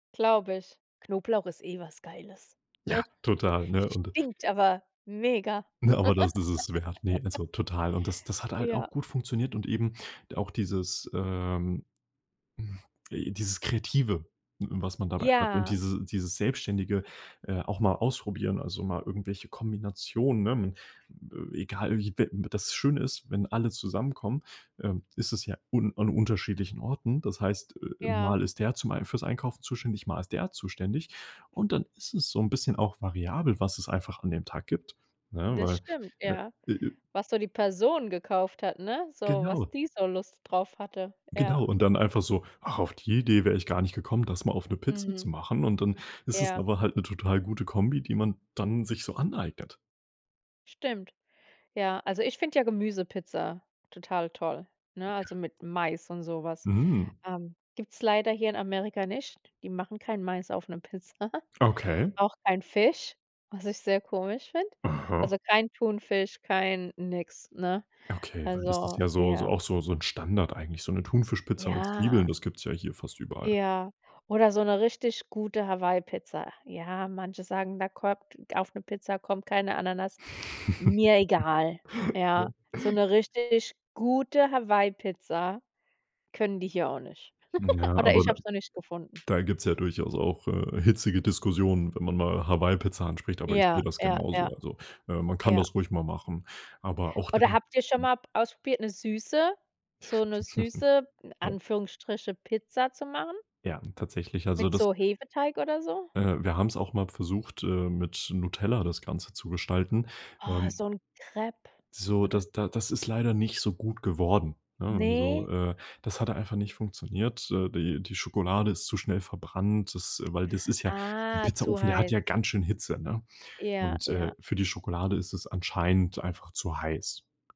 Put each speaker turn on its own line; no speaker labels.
Glaube ich, Knoblauch ist eh was Geiles,
Ja,
ne?
total, ne. Und
Stinkt aber mega.
Ne, aber das ist es wert, ne, also total. Und das das hat halt auch
Ja.
gut funktioniert und eben auch dieses ähm, äh, dieses Kreative, w w was man dabei hat und
Ja.
diese dieses Selbstständige, äh, auch mal ausprobieren, also mal irgendwelche Kombinationen, ne, m egal wie web das schöne ist, wenn alle zusammenkommen ähm, ist es ja un an unterschiedlichen Orten. Das heißt äh, äh,
Ja.
mal ist der zum Ei fürs Einkaufen zuständig, mal ist der zuständig. Und dann ist es so 'n bisschen auch variabel, was es einfach an dem Tag gibt, ne,
Das
weil
stimmt, ja.
äh, äh
Was so die Person gekauft hat, ne, so, was
Genau.
die so Lust drauf hatte, ja.
Genau. Und dann einfach so: „Ach, auf die Idee wär ich gar nicht gekommen, das mal auf 'ne Pizza zu
Mhm.
machen." Und dann ist es
Ja.
aber halt 'ne total gute Kombi, die man dann sich so aneignet.
Stimmt. Ja, also ich finde ja Gemüsepizza total toll, ne, also
Ja.
mit Mais und so was
Mm.
ähm, gibt's leider hier in Amerika nicht, die machen kein Mais auf 'ne Pizza,
Okay.
auch kein Fisch, was ich sehr komisch find.
Aha.
Also, kein Thunfisch, kein nix, ne?
Okay, weil das ist
Also,
ja so so
ja
auch so so 'n Standard eigentlich, so 'ne Thunfischpizza mit Zwiebeln,
Ja.
das gibt's ja hier fast überall.
Ja. Oder so 'ne richtig gute Hawaii Pizza. Ja, manche sagen, da kommt auf 'ne Pizza kommt keine Ananas. Mir egal,
Ja.
ja. So 'ne richtig gute Hawaii Pizza können die hier auch nicht.
Ja,
Oder
aber
ich
da
hab's noch nicht gefunden.
da gibt's ja durchaus auch, äh, hitzige Diskussionen, wenn man mal Hawaii Pizza anspricht, aber ich
Ja
seh das
ja ja.
genauso. Also, ne, man kann
Ja.
das ruhig mal machen, aber auch da
Oder habt ihr schon p
hm
mal ausprobiert, 'ne süße so 'ne süße in
Ja.
Anführungsstriche Pizza zu machen?
Ja, tatsächlich. Also
Mit
das
so Hefeteig oder so?
Äh, wir haben's auch mal versucht, ähm, mit Nutella das Ganze zu gestalten
Oh,
ähm
so 'n Crêpe
So,
oder
das da das ist leider nicht so gut geworden, ne? Also,
Ne?
äh, das hatte einfach nicht funktioniert äh, die die Schokolade ist zu schnell verbrannt, das weil das ist ja 'n
Ah, zu
Pizzaofen, der hat
heiß.
ja ganz schön Hitze, ne?
Ja
Und, äh,
ja.
für die Schokolade ist es anscheinend einfach zu heiß.